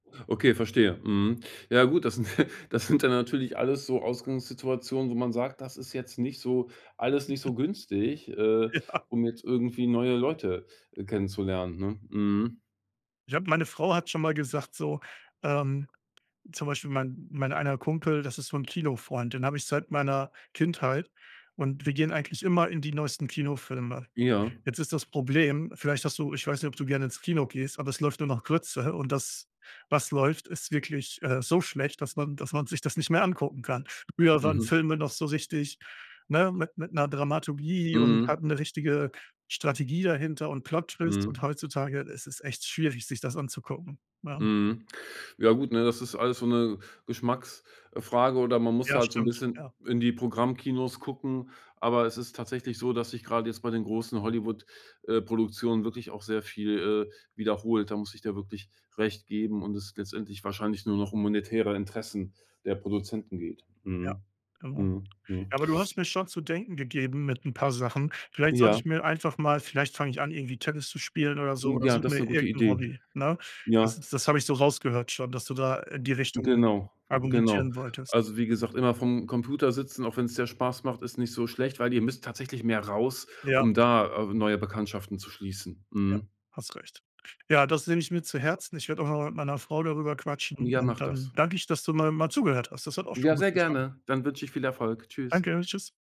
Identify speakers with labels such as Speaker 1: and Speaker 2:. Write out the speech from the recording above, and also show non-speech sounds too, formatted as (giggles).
Speaker 1: Okay, verstehe, mhm. Ja gut, das sind (chuckles) das sind dann natürlich alles so Ausgangssituationen, wo man sagt, das ist jetzt nicht so alles nicht so
Speaker 2: (giggles)
Speaker 1: günstig, äh,
Speaker 2: Ja.
Speaker 1: um jetzt irgendwie neue Leute kennenzulernen, ne? Mhm.
Speaker 2: Ich habe meine Frau hat schon mal gesagt so, ähm, zum Beispiel mein mein einer Kumpel, das ist so 'n Kino-Freund, den hab ich seit meiner Kindheit, und wir gehen eigentlich immer in die neuesten Kinofilme.
Speaker 1: Ja.
Speaker 2: Jetzt ist das Problem vielleicht hast du ich weiß nicht, ob du gerne ins Kino gehst, aber es läuft nur noch Grütze. Und das, was läuft, ist wirklich, äh, so schlecht, dass man dass man sich das nicht mehr angucken kann. Früher waren
Speaker 1: Mhm.
Speaker 2: Filme noch so richtig, ne, mit mit 'ner Dramaturgie und
Speaker 1: Mhm.
Speaker 2: hatten 'ne richtige Strategie dahinter und Plot Twists
Speaker 1: Mhm.
Speaker 2: und heutzutage es ist echt schwierig, sich das anzugucken, ja.
Speaker 1: Mhm. Ja gut, ne, das ist alles so 'ne Geschmacks äh, Frage oder man muss
Speaker 2: Ja,
Speaker 1: halt so 'n
Speaker 2: stimmt,
Speaker 1: bisschen
Speaker 2: ja.
Speaker 1: in die Programmkinos gucken. Aber es ist tatsächlich so, dass sich gerade jetzt bei den großen Hollywood äh, Produktionen wirklich auch sehr viel, äh, wiederholt. Da muss ich dir wirklich Recht geben, und es letztendlich wahrscheinlich nur noch um monetäre Interessen der Produzenten geht.
Speaker 2: Ja,
Speaker 1: Mhm.
Speaker 2: genau.
Speaker 1: Mhm, mhm.
Speaker 2: Aber du hast mir schon zu denken gegeben mit 'n paar Sachen. Vielleicht sollte
Speaker 1: Ja.
Speaker 2: ich mir einfach mal vielleicht fange ich an, irgendwie Tennis zu spielen oder so, oder
Speaker 1: Ja,
Speaker 2: such
Speaker 1: das ist
Speaker 2: mir
Speaker 1: 'ne gute
Speaker 2: irgend 'n
Speaker 1: Idee.
Speaker 2: Hobby, ne? Das
Speaker 1: Ja.
Speaker 2: das habe ich so rausgehört schon, dass du da in die Richtung
Speaker 1: Genau, genau.
Speaker 2: argumentieren wolltest.
Speaker 1: Also, wie gesagt, immer vorm Computer sitzen, auch wenn's dir Spaß macht, ist nicht so schlecht, weil ihr müsst tatsächlich mehr raus,
Speaker 2: Ja.
Speaker 1: um da, äh, neue Bekanntschaften zu schließen.
Speaker 2: Ja,
Speaker 1: Mhm.
Speaker 2: hast recht. Ja, das nehme ich mir zu Herzen. Ich werd auch noch mal mit meiner Frau darüber quatschen,
Speaker 1: Ja,
Speaker 2: und
Speaker 1: mach
Speaker 2: dann
Speaker 1: das.
Speaker 2: danke ich, dass du mal mal zugehört hast. Das hat auch
Speaker 1: Ja,
Speaker 2: schon gut
Speaker 1: sehr
Speaker 2: getan.
Speaker 1: gerne. Dann wünsch ich viel Erfolg. Tschüss.
Speaker 2: Danke. Tschüss.